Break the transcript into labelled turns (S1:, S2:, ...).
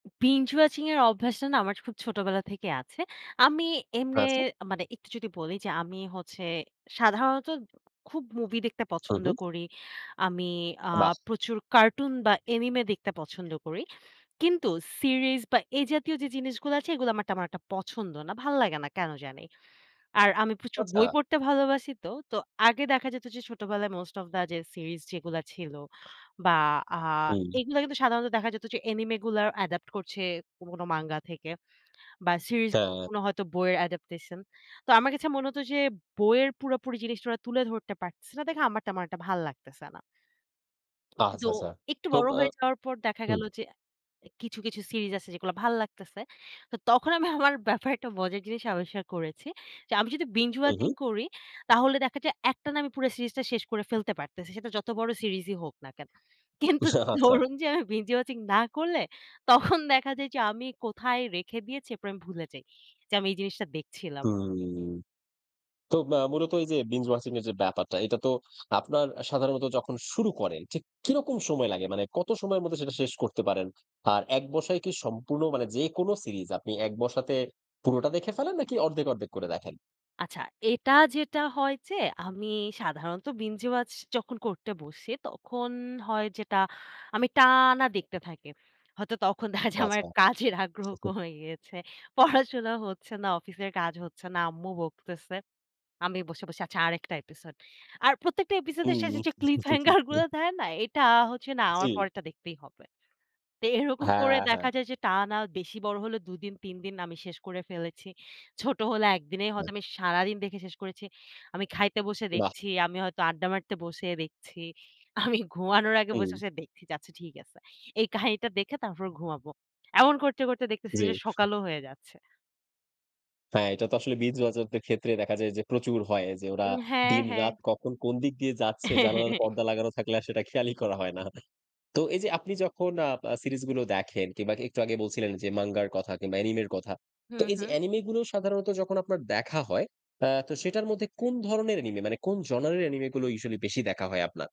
S1: Binge watching এর অভ্যাসটা না আমার খুব ছোটবেলা থেকেই আছে। আমি এমনে
S2: আচ্ছা।
S1: মানে, একটু যদি বলি যে, আমি হচ্ছে, সাধারণত খুব মুভি দেখতে
S2: হু,
S1: পছন্দ
S2: হু।
S1: করি। আমি আ
S2: বাহ!
S1: প্রচুর কার্টুন বা অ্যানিমে দেখতে পছন্দ করি। কিন্তু সিরিজ বা এ জাতীয় যে জিনিসগুলো আছে, এগুলো আমার তেমন একটা পছন্দ না। ভাল্লাগে না, কেন জানি। আর আমি প্রচুর বই
S2: আচ্ছা।
S1: পড়তে ভালোবাসি তো। তো, আগে দেখা যেত যে, ছোটবেলায় মোস্ট অফ দ্য যে সিরিজ যেগুলা ছিল, বা আ
S2: হুম।
S1: এগুলা কিন্তু সাধারণত দেখা যেত যে, অ্যানিমে গুলোর অ্যাডাপ্ট করছে কোন, কোন, মাঙ্গা থেকে বা সিরিজ
S2: হ্যাঁ।
S1: গুলো হয়তো বইয়ের অ্যাডাপ্টেশন। তো, আমার কাছে মনে হত যে, বইয়ের পুরোপুরি জিনিসটা ওরা তুলে ধরতে পারতেছে না, দেখে আমার তেমন একটা ভাল্লাগতেছে না। কিন্তু
S2: আচ্ছা, আচ্ছা।
S1: একটু
S2: তো
S1: বড়
S2: আ
S1: হয়ে যাওয়ার পর দেখা
S2: হুম।
S1: গেল যে, কিছু, কিছু ,সিরিজ আছে, যেগুলো ভাল্লাগতেছে। তো তখন, আমি আমার ব্যাপারে একটা মজার জিনিস আবিষ্কার করেছি। যে আমি যদি বিঞ্জ
S2: হু,
S1: ওয়াচিং
S2: হুম।
S1: করি, তাহলে দেখা যায়, একটানা আমি পুরো সিরিজটা শেষ করে ফেলতে পারতেছি। সেটা যত বড় সিরিজই হোক না কেন।
S2: আ
S1: কিন্তু
S2: আচ্ছা।
S1: ধরুন যে, আমি বিঞ্জ ওয়াচিং না করলে, তখন দেখা যায় যে, আমি কোথায় রেখে দিয়েছি, এরপর আমি ভুলে যাই। যে আমি এই জিনিসটা দেখছিলাম।
S2: হুম। তো আ মূলত এই যে বিঞ্জ ওয়াচিং এর যে ব্যাপারটা, এটা তো আপনার সাধারণত যখন শুরু করেন, ঠিক কিরকম সময় লাগে? মানে কত সময়ের মধ্যে সেটা শেষ করতে পারেন? আর, এক বসায় কি সম্পূর্ণ মানে যেকোনো সিরিজ আপনি এক বসাতে পুরোটা দেখে ফেলেন নাকি, অর্ধেক অর্ধেক করে দেখেন?
S1: আচ্ছা, এটা যেটা হয় যে, আমি সাধারণত বিঞ্জ ওয়াচ যখন করতে বসি, তখন হয় যেটা, আমি টানা দেখতে থাকি। হয়তো তখন দেখা যায় যে, আমার
S2: আচ্ছা।
S1: কাজের আগ্রহ কমে গেছে, পড়াশোনা হচ্ছে না, অফিসের কাজ হচ্ছে না, আম্মু বকতেছে। আমি বসে বসে, আচ্ছা আরেকটা এপিসোড। আর প্রত্যেকটা এপিসোডের শেষে
S2: হু।
S1: যে ক্লিপ হ্যাঙ্গার গুলো দেয় না? এটা হচ্ছে না ,আমার
S2: জ্বী।
S1: পরেরটা দেখতেই হবে। তো এরকম করে
S2: হ্যাঁ,
S1: দেখা
S2: হ্যাঁ।
S1: যায় যে, টানা বেশি বড় হলেও দুদিন তিনদিন আমি শেষ করে ফেলেছি। ছোট হলে, একদিনে হয়তো
S2: আচ্ছা।
S1: আমি সারাদিন দেখে শেষ করেছি। আমি খাইতে বসে
S2: বাহ্!
S1: দেখছি, আমি হয়তো আড্ডা মারতে বসে, দেখছি। আমি ঘুমানোর আগে বসে,
S2: হুম।
S1: বসে দেখছি, আচ্ছা ঠিক আছে। এই কাহিনীটা দেখে, তারপর ঘুমাবো। এমন করতে করতে দেখতেছি
S2: জ্বী।
S1: যে, সকালও হয়ে যাচ্ছে।
S2: হ্যাঁ, এটা তো আসলে, বিঞ্জ ওয়াচারদের ক্ষেত্রে দেখা যায় যে, প্রচুর হয় যে, ওরা
S1: উম হ্যাঁ,
S2: দিন
S1: হ্যাঁ।
S2: রাত কখন কোন দিক দিয়ে যাচ্ছে, জানালার পর্দা লাগানো থাকলে, আর সেটা খেয়ালই করা হয় না। তো এই যে, আপনি যখন আ সিরিজ গুলো দেখেন, কিংবা একটু আগে বলছিলেন যে মাঙ্গার কথা কিংবা অ্যানিমের কথা।
S1: হু,
S2: তো, এই যে
S1: হু।
S2: অ্যানিমে গুলো সাধারণত যখন আপনার দেখা হয়, আ তো সেটার মধ্যে কোন ধরনের অ্যানিমে মানে, কোন জনারের অ্যানিমে গুলো, ইউজুয়ালি বেশি দেখা হয় আপনার?